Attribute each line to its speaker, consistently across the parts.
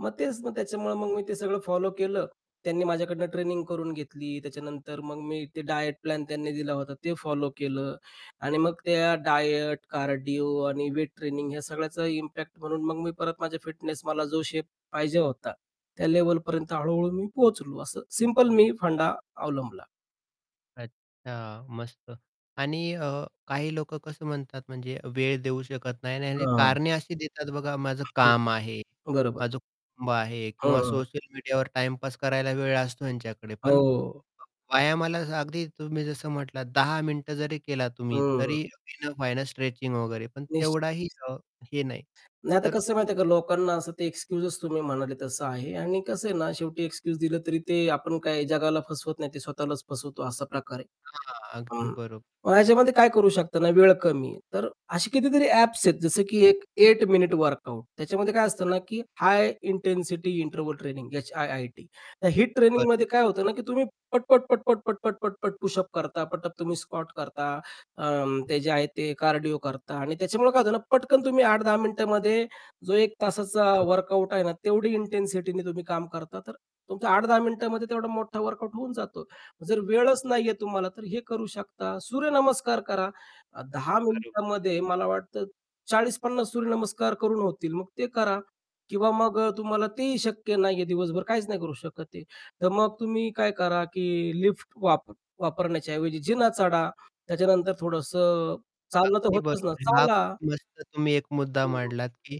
Speaker 1: मग तेच मग त्याच्यामुळं मग मी ते सगळं फॉलो केलं. त्यांनी माझ्याकडनं ट्रेनिंग करून घेतली. त्याच्यानंतर मग मी ते डायट प्लॅन त्यांनी दिला होता. ते फॉलो केलं आणि मग त्या डायट, कार्डिओ आणि वेट ट्रेनिंग ह्या सगळ्याचा इम्पॅक्ट म्हणून मग मी परत माझ्या फिटनेस, मला जो शेप पाहिजे होता. त्या लेव्हलपर्यंत हळू-हळू मी पोहोचलो असं सिंपल मी फंडा अवलंबला.
Speaker 2: अच्छा मस्त. आणि अ, काही लोकं कसं म्हणतात म्हणजे वेळ देऊ शकत नाही आणि
Speaker 1: हां.
Speaker 2: कारणे अशी देतात बघा माझं काम आहे,
Speaker 1: बरोबर आहे.
Speaker 2: माझं कुटुंब आहे
Speaker 1: हं,
Speaker 2: किंवा
Speaker 1: हं, हं.
Speaker 2: सोशल मीडियावर टाईम पास करायला वेळ असतो ह्यांच्याकडे पण,
Speaker 1: हो.
Speaker 2: व्यायामाला जसं अगदी तुम्ही जसं म्हटलात 10 मिनिटं जरी केला तुम्ही
Speaker 1: हं.
Speaker 2: तरी इनफ आहे न स्ट्रेचिंग वगैरे पण तेवढाही
Speaker 1: निश्चित.
Speaker 2: अ, हे नाही.
Speaker 1: नाही, आता
Speaker 2: तर
Speaker 1: कसं आहे माहिती आहे का? लोकांना असं ते एक्सक्यूजच तुम्ही म्हणाले तसं आहे. आणि कसं आहे ना शेवटी एक्सक्यूज दिलं तरी ते आपण काय जगाला फसवत नाही, ते स्वतःलाच फसवतो असा प्रकार आहे.
Speaker 2: हां. अगदी
Speaker 1: हं.
Speaker 2: बरोबर.
Speaker 1: मग ह्याच्यामध्ये काय करू शकता ना वेळ कमी आहे. तर अशी कितीतरी ॲप्स आहेत जसं की एक 8 मिनिट वर्कआउट त्याच्यामध्ये काय असतं ना की हाय इंटेन्सिटी इंटरव्हल ट्रेनिंग H-I-I-T त्या हीट
Speaker 2: बर
Speaker 1: ट्रेनिंगमध्ये काय होतं ना की तुम्ही पटपट, पटपट, पटपट, पटपट पुशअप करता, पटप तुम्ही स्कॉट करता. अ, ते जे आहे ते कार्डिओ करता आणि त्याच्यामुळे काय होतं ना पटकन तुम्ही 8-10 मिनिटामध्ये जो एक तासाचा
Speaker 2: [unintelligible]
Speaker 1: वर्कआउट आहे ना तेवढी इंटेन्सिटीने तुम्ही काम करता. तर तुमच्या 8-10 मिनिटामध्ये तेवढा मोठा वर्कआउट होऊन जातो. जर वेळच नाहीये तुम्हाला तर हे करू शकता. सूर्यनमस्कार करा 10
Speaker 2: बरो
Speaker 1: मिनिटामध्ये मला वाटतं, 40-50 सूर्यनमस्कार करून होतील. मग ते करा किंवा मग तुम्हाला तेही शक्य नाही आहे दिवसभर काहीच नाही करू शकत आहे, तर मग तुम्ही काय करा की लिफ्ट वाप वापरण्याच्या ऐवजी जिना चढा, त्याच्यानंतर थोडंसं चालणं तर
Speaker 2: अगदी
Speaker 1: होतंच ना
Speaker 2: बरोबर आहे. हा
Speaker 1: चाला.
Speaker 2: खूप मस्त तुम्ही एक मुद्दा
Speaker 1: [unintelligible]
Speaker 2: मांडलात, की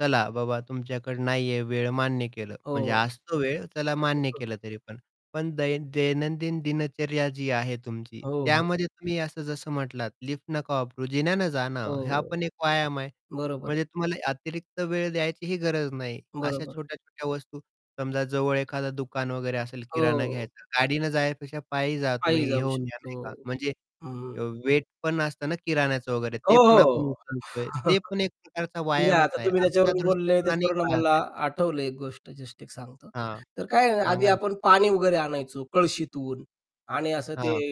Speaker 2: चला बाबा तुमच्याकडं नाहीये वेळ, मान्य केलं.
Speaker 1: हो,
Speaker 2: म्हणजे असतो वेळ, चला मान्य
Speaker 1: हो.
Speaker 2: केलं तरी पण. पण दै दैनंदिन दिनचर्या जी आहे तुमची.
Speaker 1: हो, हो.
Speaker 2: त्यामध्ये तुम्ही असं जसं म्हटलात लिफ्ट नका वापरू, जिन्याने जा ना. हा
Speaker 1: हो.
Speaker 2: पण एक व्यायाम आहे.
Speaker 1: बरोबर आहे.
Speaker 2: म्हणजे तुम्हाला अतिरिक्त वेळ द्यायचीही गरज नाही. अशा
Speaker 1: बरोबर.
Speaker 2: छोट्या-छोट्या वस्तू समजा जवळ एखादं दुकान वगैरे असेल किराणा
Speaker 1: हो.
Speaker 2: घ्यायचा आहे गाडीने जाण्यापेक्षा पायी जा,
Speaker 1: पायी
Speaker 2: तुम्ही
Speaker 1: जाऊ
Speaker 2: घेऊन या
Speaker 1: शकतो.
Speaker 2: नाही का म्हणजे
Speaker 1: हं.
Speaker 2: वेट पण नसतं ना किराण्याचं वगैरे.
Speaker 1: हो,
Speaker 2: ते पण
Speaker 1: हो.
Speaker 2: आपण उचलतोय. ते पण एक प्रकारचा
Speaker 1: म्हणजे
Speaker 2: व्यायामच
Speaker 1: आता
Speaker 2: आहे
Speaker 1: तुम्ही
Speaker 2: अशा
Speaker 1: त्याच्यावरून बोलले
Speaker 2: दृष्टिकोनाने
Speaker 1: त्याच्यावरून
Speaker 2: पहा
Speaker 1: आम्हाला
Speaker 2: ते.
Speaker 1: आठवलं एक गोष्ट जस्ट एक सांगतो.
Speaker 2: हां,
Speaker 1: तर काय आहे आधी
Speaker 2: सांगा ना.
Speaker 1: आपण पाणी वगैरे आणायचो कळशीतून आणि असं ते
Speaker 2: हां.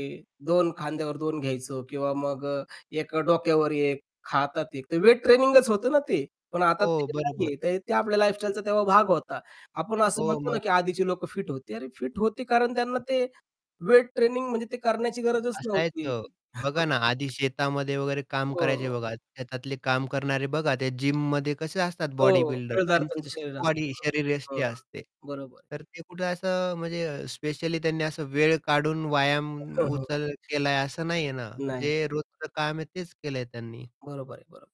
Speaker 1: 2 खांद्यावर 2 घ्यायचो किंवा मग अ, 1 डोक्यावर 1, हातात 1 तर वेट ट्रेनिंगच होतं ना ते. पण आता
Speaker 2: हो.
Speaker 1: ते
Speaker 2: बरोबर.
Speaker 1: नाहीये तर ते आपल्या लाईफस्टाईलचा तेव्हा भाग होता. आपण असं
Speaker 2: हो
Speaker 1: म्हणतो ना
Speaker 2: मग.
Speaker 1: की आधीचे लोकं फिट होती. अरे फिट होते कारण त्यांना ते वेट ट्रेनिंग म्हणजे ते करण्याची गरजच नव्हती.
Speaker 2: असायचं. बघा ना आधी शेतामध्ये वगैरे काम करायचे
Speaker 1: हो.
Speaker 2: बघा. शेतातले काम करणारे बघा ते जिममध्ये कसे असतात बॉडी
Speaker 1: हो.
Speaker 2: बिल्डर.
Speaker 1: पिळदार
Speaker 2: त्यांची
Speaker 1: त्यांच
Speaker 2: जशी
Speaker 1: शरीर
Speaker 2: बॉडी
Speaker 1: असतं. [unintelligible]
Speaker 2: शरीरयष्टी
Speaker 1: हं.
Speaker 2: असते.
Speaker 1: बरोबर आहे.
Speaker 2: तर ते कुठं असं म्हणजे अ, स्पेशली त्यांनी असं वेळ काढून व्यायाम
Speaker 1: हं, हं.
Speaker 2: उचल केला आहे, असं नाही आहे ना.
Speaker 1: नाही, नाही.
Speaker 2: जे रोजचं काम आहे तेच केलंय त्यांनी.
Speaker 1: बरोबर आहे बरो